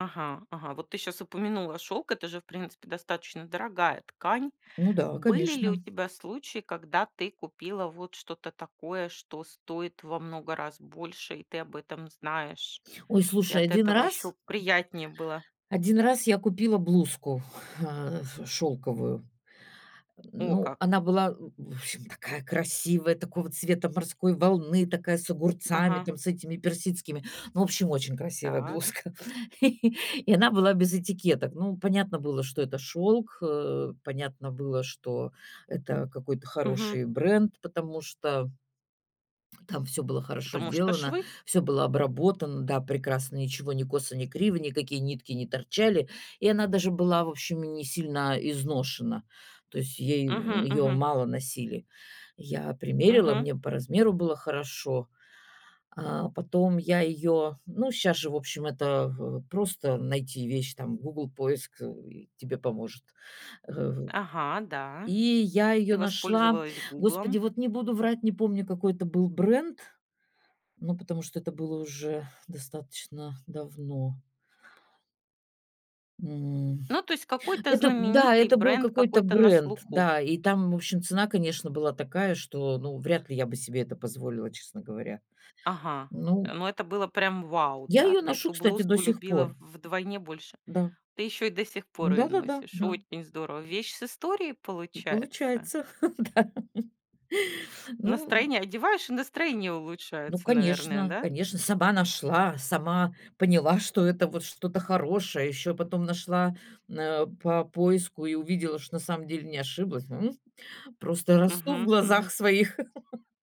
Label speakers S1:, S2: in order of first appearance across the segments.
S1: Ага ага, вот ты щас упомянула, шёлк- это же, в принципе, достаточно дорогая ткань.
S2: Ну да,
S1: Были ли у
S2: конечно.
S1: тебя случаи, когда ты купила вот что-то такое, что стоит во много раз больше, и ты об этом знаешь?
S2: Ой,
S1: И
S2: слушай,
S1: от
S2: один
S1: этого
S2: раз
S1: ещё приятнее было.
S2: Один раз я купила блузку, э, ф шёлковую.
S1: О,
S2: ну,
S1: как.
S2: она была, в общем, такая красивая, такого цвета морской волны, такая с огурцами,
S1: Ага.
S2: там, с этими персидскими. Ну, в общем, очень красивая
S1: Так.
S2: блузка, и она была без этикеток. Ну, понятно было, что это шёлк, э, понятно было, что это какой-то
S1: Мгм.
S2: хороший бренд, потому что там всё было хорошо
S1: Потому что
S2: сделано,
S1: швы.
S2: всё было обработано, да, прекрасно, ничего ни косо, ни криво, никакие нитки не торчали, и она даже была, в общем, и несильно изношена, то есть ей, м,
S1: Мгм
S2: её
S1: мгм.
S2: мало носили. Я примерила,
S1: Мгм.
S2: мне по размеру было хорошо. А потом я её ну, щас же, в общем, это в в просто найти вещь, там "Гугл" поиск, э, и тебе поможет.
S1: Ага, да.
S2: и я
S1: Ты
S2: её нашла.
S1: воспользовалась
S2: Господи,
S1: "Гуглом".
S2: вот не буду врать, не помню, какой это был бренд, ну, потому что это было уже достаточно давно. М,
S1: Ну, то есть какой-то
S2: это да,
S1: знаменитый
S2: это был
S1: бренд,
S2: какой-то
S1: какой-то на
S2: бренд,
S1: слуху.
S2: да, и там, в общем, цена, конечно, была такая, что, ну, вряд ли я бы себе это позволила, честно говоря,
S1: Ага, э,
S2: ну.
S1: ну, это было прям "вау",
S2: Я
S1: да,
S2: её
S1: ты
S2: ношу,
S1: эту
S2: кстати, до
S1: блузку
S2: сих
S1: любила
S2: пор.
S1: в вдвойне больше
S2: Да.
S1: Ты ещё и до сих пор её
S2: Да-да-да,
S1: носишь.
S2: да.
S1: Очень здорово. Вещь с историей получается?
S2: Получается, да. Ну
S1: Настроение одеваешь, и настроение
S2: Ну,
S1: улучшается, наверное,
S2: конечно,
S1: да?
S2: конечно, сама нашла, сама поняла, что это вот что-то хорошее. Ещё потом нашла, по поиску и увидела, что на самом деле не ошиблась, Просто росту в
S1: Мгм
S2: глазах
S1: мгм.
S2: своих.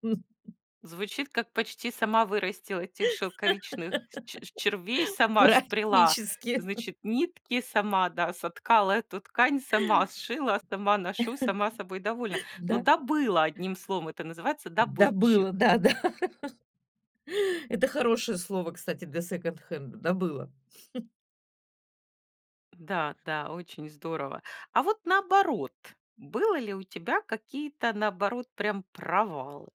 S1: Звучит, как почти сама вырастила этих шелковичных ч червей, сама спряла,
S2: Практически.
S1: значит, нитки, сама, да, соткала эту ткань, сама сшила, сама ношу, сама собой довольна. Ну,
S2: Да.
S1: добыла, одним словом, это называется
S2: Добыла,
S1: "добытчик".
S2: да, да. Это хорошее слово, кстати, для секонд-хенда- "добыла".
S1: Да-да, очень здорово. А вот наоборот, было ли у тебя какие-то, наоборот, прям провалы?